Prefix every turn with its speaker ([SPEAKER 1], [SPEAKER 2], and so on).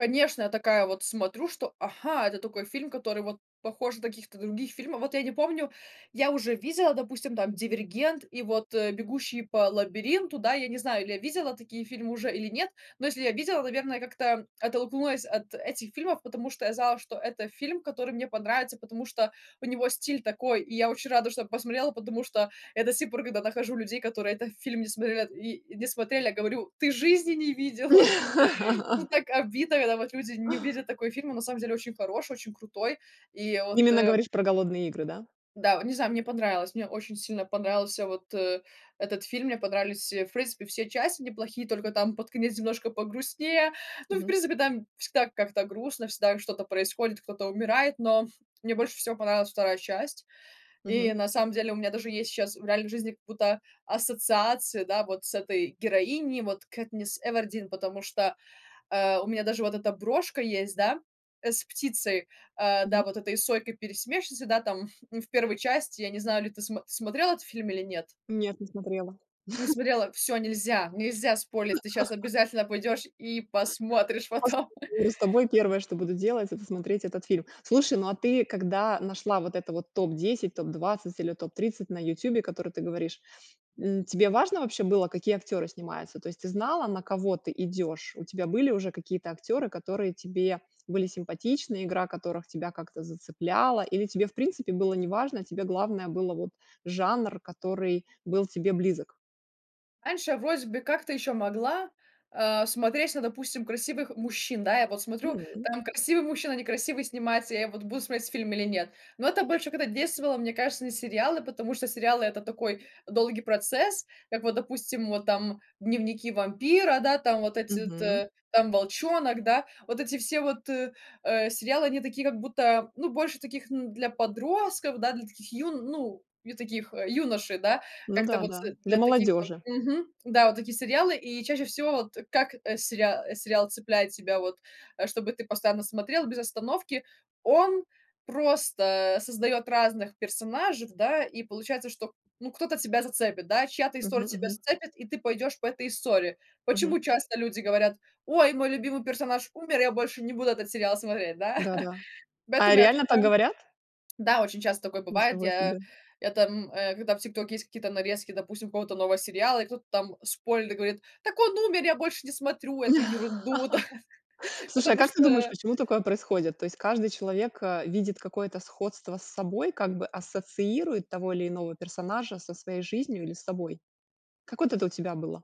[SPEAKER 1] Конечно, я такая вот смотрю, что, ага, это такой фильм, который вот похож на каких-то других фильмов. Вот я не помню, я уже видела, допустим, там "Дивергент" и вот, э, "Бегущий по лабиринту". Да, я не знаю, или я видела такие фильмы уже или нет, но если я видела, наверное, как-то оттолкнулась от этих фильмов, потому что я знала, что это фильм, который мне понравится, потому что у него стиль такой, и я очень рада, что я посмотрела, потому что я до си пор, когда нахожу людей, которые этот фильм не смотрят и не смотрели, я говорю: "Ты жизни не видела!" Ну, так обидно, когда вот люди не видят такой фильм, а на самом деле очень хороший, очень крутой. И вот,
[SPEAKER 2] Именно
[SPEAKER 1] э
[SPEAKER 2] говоришь про "Голодные игры", да?
[SPEAKER 1] Да, вот не знаю, мне понравилось. Мне очень сильно понравился вот, э, этот фильм, мне понравились, э, в принципе, все части неплохие, только там под конец немножко погрустнее, ну и, в
[SPEAKER 2] Мгм.
[SPEAKER 1] принципе, там всегда как-то грустно, всегда что-то происходит, кто-то умирает, но мне больше всего понравилась 2 часть, и
[SPEAKER 2] Мгм.
[SPEAKER 1] на самом деле у меня даже есть щас в реальной жизни как будто ассоциации, да, вот с этой героиней, вот Кэтнис Эвердин, потому что, э, у меня даже вот эта брошка есть, да, э, с птицей, э, да,
[SPEAKER 2] Мгм.
[SPEAKER 1] вот этой сойкой-пересмешницей, да, там в 1 части, я не знаю, или ты смо смотрела этот фильм или нет?
[SPEAKER 2] Нет, не смотрела.
[SPEAKER 1] Не смотрела, всё нельзя, нельзя спойлерить, ты сейчас обязательно пойдешь и посмотришь
[SPEAKER 2] После
[SPEAKER 1] потом.
[SPEAKER 2] разговора с тобой первое, что буду делать,- это смотреть этот фильм. Слушай, ну, а ты, когда нашла вот это вот топ 10, топ 20 или топ 30 на "Ютубе", которое ты говоришь, м, тебе важно было, какие актёры снимаются? То есть ты знала, на кого ты идёшь? У тебя были уже какие-то актёры, которые тебе были симпатичны, игра которых тебя как-то зацепляла, или тебе, в принципе, было неважно, тебе главное было вот жанр, который был тебе близок?
[SPEAKER 1] Раньше я вроде бы как-то еще могла, а, смотреть на, допустим, красивых мужчин. Да, я вот смотрю:
[SPEAKER 2] М.
[SPEAKER 1] там красивый мужчина, некрасивый снимается, я вот буду смотреть фильм или нет. Но это больше когда действовало, мне кажется, на сериалы, потому что сериалы- это такой долгий процесс, как вот, допустим, вот там "Дневники вампира", да, там вот эти вот,
[SPEAKER 2] Мгм.
[SPEAKER 1] э, там "Волчонок", да, вот эти все вот, э, сериалы, они такие как будто, ну, больше таких, н для подростков, да, для таких юн ну, не таких, э, юношей, да,
[SPEAKER 2] Ну
[SPEAKER 1] как-то
[SPEAKER 2] да,
[SPEAKER 1] вот
[SPEAKER 2] да, для
[SPEAKER 1] для таких вот,
[SPEAKER 2] молодёжи.
[SPEAKER 1] мгм, да, вот такие сериалы. И чаще всего вот как, э, сериа сериал цепляет тебя вот, э, чтобы ты постоянно смотрел без остановки: он просто создаёт разных персонажей, да, и получается, что, ну, кто-то тебя зацепит, да, чья-то история
[SPEAKER 2] Мгм
[SPEAKER 1] тебя
[SPEAKER 2] мгм.
[SPEAKER 1] зацепит, и ты пойдёшь по этой истории.
[SPEAKER 2] Мгм.
[SPEAKER 1] Почему часто люди говорят: "Ой, мой любимый персонаж умер, я больше не буду этот сериал смотреть", да?
[SPEAKER 2] Да да. А
[SPEAKER 1] Поэтому я,
[SPEAKER 2] реально так
[SPEAKER 1] как-то,
[SPEAKER 2] говорят?
[SPEAKER 1] да, очень часто такое бывает,
[SPEAKER 2] Ничего
[SPEAKER 1] я
[SPEAKER 2] себе.
[SPEAKER 1] это, м, э, когда в "Тиктоке" есть какие-то нарезки, допустим, какого-то нового сериала, и кто-то там спойлерит и говорит: "Так он умер, я больше не смотрю эту ерунду", да,
[SPEAKER 2] Слушай, а
[SPEAKER 1] потому
[SPEAKER 2] как ты думаешь,
[SPEAKER 1] что
[SPEAKER 2] почему такое происходит? То есть каждый человек, а, видит какое-то сходство с собой, как бы ассоциирует того или иного персонажа со своей жизнью или с собой. Как вот это у тебя было?